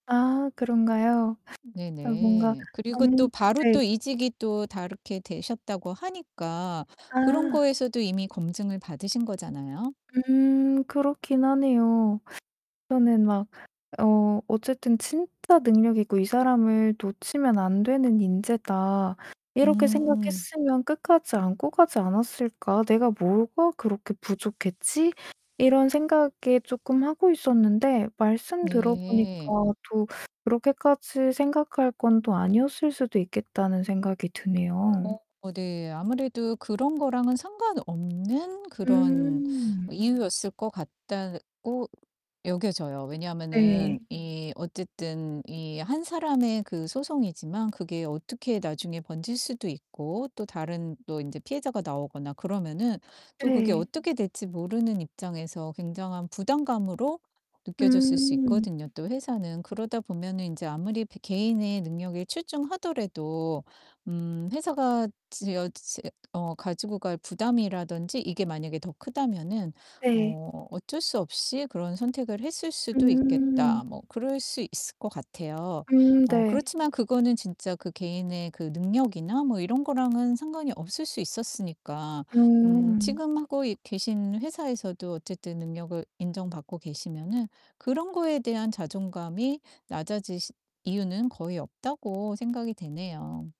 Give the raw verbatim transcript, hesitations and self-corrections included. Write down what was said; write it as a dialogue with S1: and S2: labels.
S1: 아 그런가요?
S2: 네
S1: 아 뭔가
S2: 네. 그리고 또
S1: 음
S2: 바로
S1: 네.
S2: 또 이직이 또 다르게 되셨다고 하니까 그런
S1: 아.
S2: 거에서도 이미 검증을 받으신 거잖아요?
S1: 음 그렇긴 하네요. 저는 막 "어 어쨌든 '진짜 능력 있고 이 사람을 놓치면 안 되는 인재다.' 이렇게
S2: 음.
S1: 생각했으면 끝까지 안고 가지 않았을까? 내가 뭐가 그렇게 부족했지?" 이런 생각에 쪼끔 하고 있었는데 말씀 들어보니까
S2: 네.
S1: '또 그렇게까지 생각할 건 또 아니었을 수도 있겠다.'는 생각이 드네요.
S2: 어 네, 아무래도 그런 거랑은 상관없는 그런
S1: 음.
S2: 이유였을 것 같다고 여겨져요.
S1: 네.
S2: 왜냐면은 이 어쨌든 이 한 사람의 그 소송이지만 그게 어떻게 나중에 번질 수도 있고 또 다른 또 인제 피해자가 나오거나 그러면은 또 그게
S1: 네.
S2: 어떻게 될지 모르는 입장에서 굉장한 부담감으로 느껴졌을 수
S1: 음.
S2: 있거든요 또 회사는. 그러다 보면은 인제 아무리 배 개인의 능력이 출중하더라도 음 회사가 지어 재 어 가지고 갈 부담이라든지 이게 만약에 더 크다면은
S1: 네.
S2: 어 '어쩔 수 없이 그런 선택을 했을 수도
S1: 음.
S2: 있겠다.' 뭐 그럴 수 있을 것 같아요.
S1: 음
S2: 어
S1: 네.
S2: 그렇지만 그거는 진짜 그 개인의 그 능력이나 뭐 이런 거랑은 상관이 없을 수 있었으니까 음
S1: 음.
S2: 지금 하고 있 계신 회사에서도 어쨌든 능력을 인정받고 계시면은 그런 거에 대한 자존감이 낮아지시 이유는 거의 없다고 생각이 되네요.